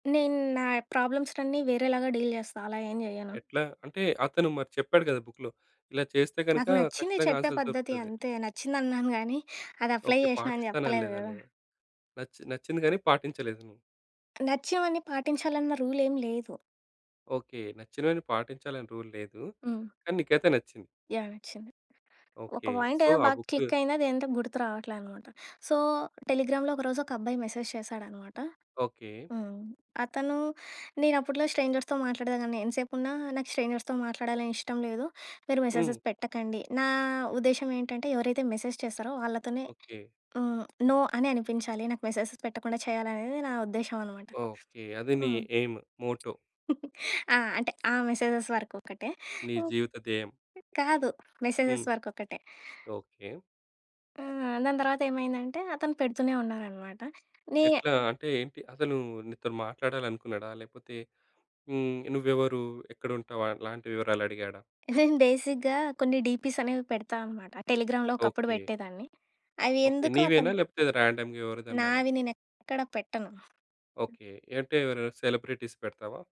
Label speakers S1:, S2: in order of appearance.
S1: నేను నా ప్రాబ్లమ్స్‌నన్నీ వేరేలాగా డీల్ జెస్తా. అలా ఏం జెయ్యను.
S2: ఎట్లా? అంటే అతను మరి చెప్పాడు గదా! బుక్‌లో. ఇలా చేస్తే గనక
S1: నాకు నచ్చింది
S2: ఖచ్చితంగా
S1: చెప్పే
S2: ఆన్సర్స్
S1: పద్ధతి
S2: దొరుకుతది.
S1: అంతే. నచ్చిందన్నాను గానీ అది అప్లై
S2: ఓకె.
S1: జెశినా అని చెప్పలేదు
S2: పాటిస్తాననలేదా?
S1: గదా!
S2: లేదా నచ్చి నచ్చింది కాని పాటించలేదు నువ్వు.
S1: నచ్చినవన్ని పాటించాలన్న రూల్ ఏం లేదు.
S2: ఓకె. నచ్చినవన్ని పాటించాలని రూల్‌ లేదు.
S1: హ్మ్.
S2: కానీ నీకైతే నచ్చింది.
S1: యాహ్! నచ్చింది. ఒక
S2: ఓకె.
S1: పాయింట్
S2: సో
S1: ఏదో
S2: ఆ
S1: బాగా
S2: బుక్
S1: క్లిక్ అయింది అది ఎంతో గుర్తురావట్లే అన్నమాట. సో టెలిగ్రామ్‌లో ఒకరోజు ఒకబ్బాయి మెసేజ్ చేశాడన్నమాట.
S2: ఓకె.
S1: హ్మ్. అతను నేనప్పట్లో స్ట్రేంజర్స్‌తో మాట్లాడేదాన్ని. "ఎంతసేపున్నా నాకు స్ట్రేంజర్స్‌తో మాట్లాడాలని ఇష్టంలేదు. మీరు
S2: హ్మ్.
S1: మెసేజెస్ పెట్టకండి." నా ఉద్దేశం ఏంటంటే ఎవరైతే మెసేజ్ చేస్తారో వాళ్ళతోనే
S2: ఓకె.
S1: హ్మ్. నో అని అనిపించాలి. నాకు మెసేజెస్ పెట్టకుండా చేయాలనేది నా ఉద్దేశ్యం అన్నమాట.
S2: ఓకె. అది నీ
S1: హ్మ్.
S2: Aim, motto.
S1: ఆ! అంటే ఆ మెసేజెస్ వరకొక్కటే.
S2: నీ
S1: హ్మ్.
S2: జీవితధ్యేయం.
S1: కాదు మెసేజెస్
S2: హ్మ్.
S1: వరకొక్కటే.
S2: ఓకె.
S1: హ్మ్. దాని తర్వాత ఏమైందంటే అతను పెడుతూనే ఉన్నారన్నమాట. నే
S2: ఎట్లా అంటే ఏంటి? అసలు నీతో మాట్లాడాలనుకున్నాడా? లేకపోతే హ్మ్, నువ్వెవరు? ఎక్కడుంటావు? అలాంటి వివరాలు అడిగాడా?
S1: నేను బేసిక్‌గా కొన్ని డీపీస్ అనేవి పెడతా అన్నమాట. టెలిగ్రామ్‌లో ఒకప్పుడు
S2: ఓకె.
S1: పెట్టేదాన్ని. అవి
S2: ఓకె.
S1: ఎందుకో
S2: నీవేనా
S1: అతను
S2: లేకపోతే రాన్‌డమ్‌గా ఎవరిదన్నానా?
S1: నావి నేనేక్కడ పెట్టను.
S2: ఓకె. అంటే ఎవరెవరు? సెలబ్రిటీస్ పెడతావా?